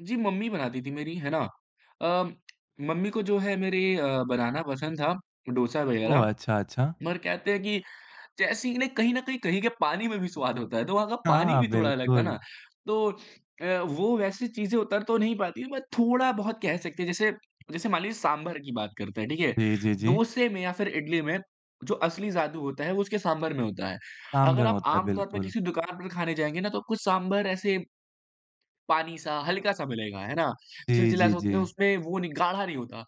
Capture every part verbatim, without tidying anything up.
जी, mummy बनाती थी मेरी, है ना? अ, मम्मी को जो है मेरे अ, बनाना पसंद था, डोसा ओह। वग़ैरह। अच्छा, अच्छा। पर कहते हैं कि जैसे ही ना कहीं न कहीं कहीं के पानी में भी स्वाद होता है, तो वहाँ का पानी हाँ, भी थोड़ा अलग था बिल्कुल। ना। तो अ, वो वैसी चीज़ें उतर तो नहीं पाती, बट थोड़ा-बहुत कह सकते हैं। जैसे जैसे मान लीजिए सांभर की बात करते हैं, ठीक है? जी, जी, जी। डोसे में या फिर इडली में जो असली जादू होता है वो उसके सांभर में होता है। अगर कामधन आप होता है, आमतौर पे बिल्कुल। किसी दुकान पे भी खाने जाएँगे ना तो कुछ सांभर ऐसे पानी-सा, हल्का-सा मिलेगा, है ना? जी, जी, चिलचिला-सा उतना जी। उसमें वो नहीं गाढ़ा नहीं होता।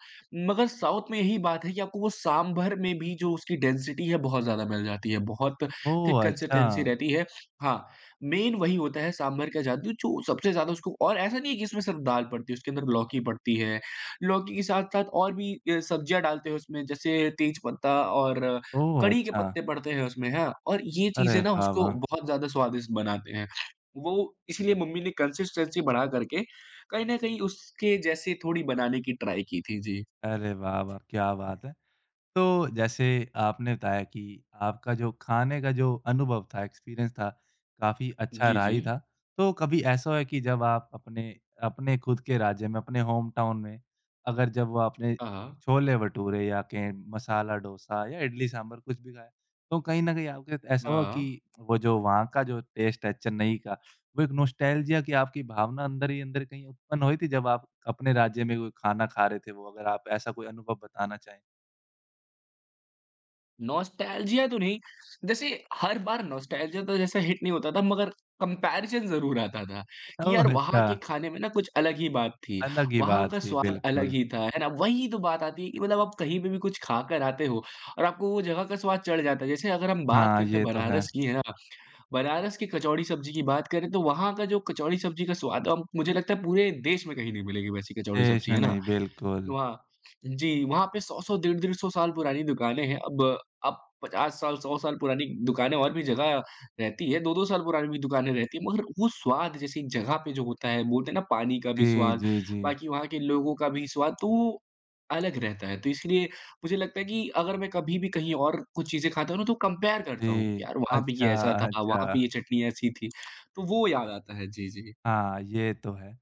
मगर साउथ में यही बात है कि आपको वो सांभर में भी जो उसकी डेंसिटी है बहुत ज़्यादा मिल जाती है। बहुत ओह, थिक कंसिस्टेंसी अच्छा। रहती है। हाँ, मेन वही होता है सांभर का जादू जो सबसे ज़्यादा उसको और ऐसा नहीं है कि इसमें सिर्फ दाल पड़ती है। उसके अंदर लौकी पड़ती है, लौकी के साथ-साथ और भी अ, सब्जियाँ डालते हैं। उसमें जैसे तेज पत्ता और ओह, कढ़ी के अच्छा। पत्ते पड़ते हैं उसमें हाँ, और ये अरे चीज़ें ना वाह, उसको वाह! बहुत ज़्यादा स्वादिष्ट बनाते हैं। वो इसीलिए मम्मी ने कंसिस्टेंसी बढ़ा कर के, कहीं न कहीं उसके जैसे थोड़ी बनाने की ट्राई की थी। जी। अरे वाह-वाह, क्या बात है। तो, जैसे आपने बताया कि आपका जो खाने का जो अनुभव था, एक्सपीरियंस था, काफ़ी अच्छा जी, रहा ही था। जी। तो कभी ऐसा हुआ है कि जब आप अपने अपने खुद के राज्य में, अपने होमटाउन में, अगर जब वो आपने हाँ, हाँ। छोले भटूरे, या कहें मसाला डोसा, या इडली सांभर कुछ भी खाया, तो कहीं न कहीं आपके साथ ऐसा हुआ हाँ। कि वो जो वहाँ का जो टेस्ट है चेन्नई का, वो एक नॉस्टेल्जिया की आपकी भावना अंदर ही अंदर कहीं उत्पन्न हुई थी जब आप अपने राज्य में कोई खाना खा रहे थे? वो अगर आप ऐसा कोई अनुभव बताना चाहें। नॉस्टेल्जिया तो नहीं। जैसे, हर बार नॉस्टेल्जिया तो जैसा हिट नहीं होता था, मगर कम्पैरिज़न ज़रूर आता था। कि ओह, यार वहाँ अच्छा। के खाने में ना कुछ अलग ही बात थी। अलग ही वहाँ बात का थी, स्वाद अलग बिल्कुल। ही था, है ना? वही तो बात आती है कि मतलब आप कहीं पे भी कुछ खा कर आते हो और आपको वो जगह का स्वाद चढ़ जाता है। जैसे अगर हम बात हाँ, करते हैं ये तो है। बनारस की, है ना? बनारस की कचौड़ी-सब्ज़ी की बात करें तो वहाँ का जो कचौड़ी-सब्ज़ी का स्वाद अ, मुझे लगता है पूरे देश में कहीं नहीं मिलेगी वैसी कचौड़ी-सब्ज़ी, इसमें है ना? नहीं, बिल्कुल। वहाँ जी, वहाँ पे सौ सौ डेढ़-डेढ़ सौ साल पुरानी दुकानें हैं। अब अब पचास साल, सौ साल पुरानी दुकानें और भी जगह रहती है। दो दो साल पुरानी भी दुकानें रहती हैं। मगर वो स्वाद जैसी जगह पे जो होता है, बोलते हैं ना पानी का भी जी, स्वाद। जी, जी। बाकी वहाँ के लोगों का भी स्वाद तो, अलग रहता है। तो इसलिए, मुझे लगता है कि अगर मैं कभी भी कहीं और कुछ चीज़ें खाता हूँ ना तो कंपेयर करता हूँ। जी। यार वहाँ पे अच्छा, ये ऐसा था, वहाँ अच्छा। पे ये चटनी ऐसी थी। तो वो याद आता है। जी, जी। हाँ, ये तो है।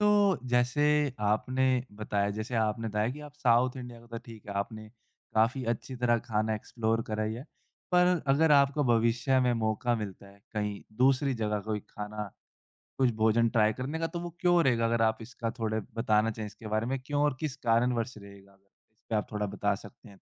तो, जैसे आपने बताया जैसे आपने बताया कि आप साउथ इंडिया का तो ठीक है। आपने काफ़ी अच्छी तरह खाना एक्सप्लोर करा ही है। पर अगर आपको भविष्य में मौका मिलता है कहीं दूसरी जगह कोई खाना कुछ भोजन ट्राई करने का तो वो क्यों रहेगा? अगर आप इसका थोड़ा बताना चाहे इसके बारे में क्यों और किस कारणवश रहेगा? अगर इस पे आप थोड़ा बता सकते हैं तो?